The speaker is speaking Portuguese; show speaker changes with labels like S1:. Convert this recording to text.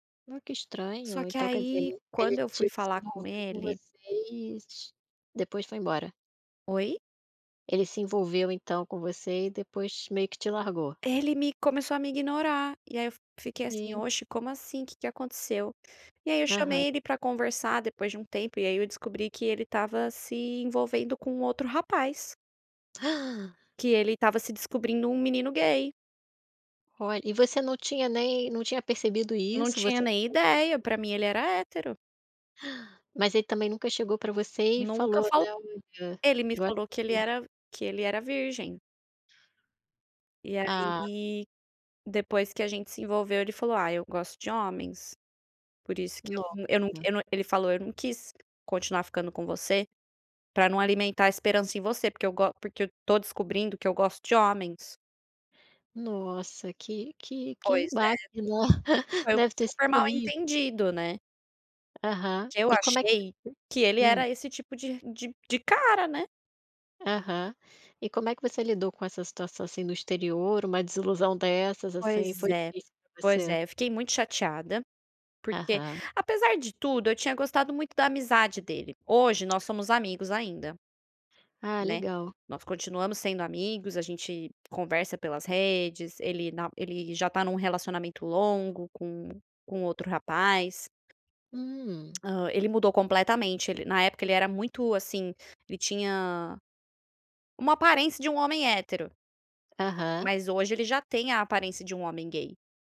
S1: Ah, que
S2: Só
S1: estranho,
S2: que,
S1: então, quer dizer,
S2: aí,
S1: ele
S2: quando eu fui
S1: te se
S2: falar com
S1: envolveu com
S2: ele.
S1: vocês, t depois foi embora?
S2: Oi?
S1: Ele se envolveu, então, com você e depois meio que te largou?
S2: Ele me começou a me ignorar, e aí, eu fiquei, assim:
S1: Sim
S2: "Oxe como, assim? Que que aconteceu?" E aí eu
S1: Aham.
S2: chamei ele pra conversar depois de um tempo, e aí eu descobri que ele estava se envolvendo com outro rapaz. Que ele estava se descobrindo um menino gay.
S1: Olh e você não tinha nem não tinha percebido
S2: Eu não
S1: isso?
S2: tinha
S1: Você [unintelligible]
S2: nem ideia, pra mim ele era hétero.
S1: Mas ele também nunca chegou pra você e
S2: Nunca
S1: falou
S2: fal
S1: né: "Olha, eu
S2: ele me
S1: gosto
S2: falou que ele
S1: de menino"
S2: era que ele era virgem. E
S1: Ah.
S2: aí, depois que a gente se envolveu ele falou: "Ah eu gosto de homens", por isso que eu não
S1: Nossa!
S2: eu não ele falou: "Eu não quis continuar ficando com você, pra não alimentar a esperança em você. Porque eu go porque eu tô descobrindo que eu gosto de homens".
S1: Nossa, que que que
S2: Pois é,
S1: baque, no
S2: foi um
S1: deve ter sido
S2: super mal
S1: horrível.
S2: entendido né.
S1: Aham.
S2: Que eu
S1: E como é que. [unintelligible]
S2: achei, que ele
S1: Hum.
S2: era esse tipo de de de cara, né.
S1: Aham. E como é que você lidou com essa situação, assim, do exterior, uma desilusão dessas, assim.
S2: Pois
S1: Foi
S2: é,
S1: difícil pra
S2: pois
S1: você?
S2: é eu fiquei muito chateada, porque
S1: Aham.
S2: Apesar de tudo, eu tinha gostado muito da amizade dele, hoje, nós somos amigos ainda
S1: Ah
S2: né.
S1: legal.
S2: Nós continuamos sendo amigos, a gente conversa pelas redes, ele na ele já tá em um relacionamento longo com com outro rapaz.
S1: Hum.
S2: Hã, ele mudou completamente, ele na época ele era muito, assim, ele tinha, uma aparência de um homem hétero
S1: Aham.
S2: mas hoje ele já tem a aparência de um homem gay.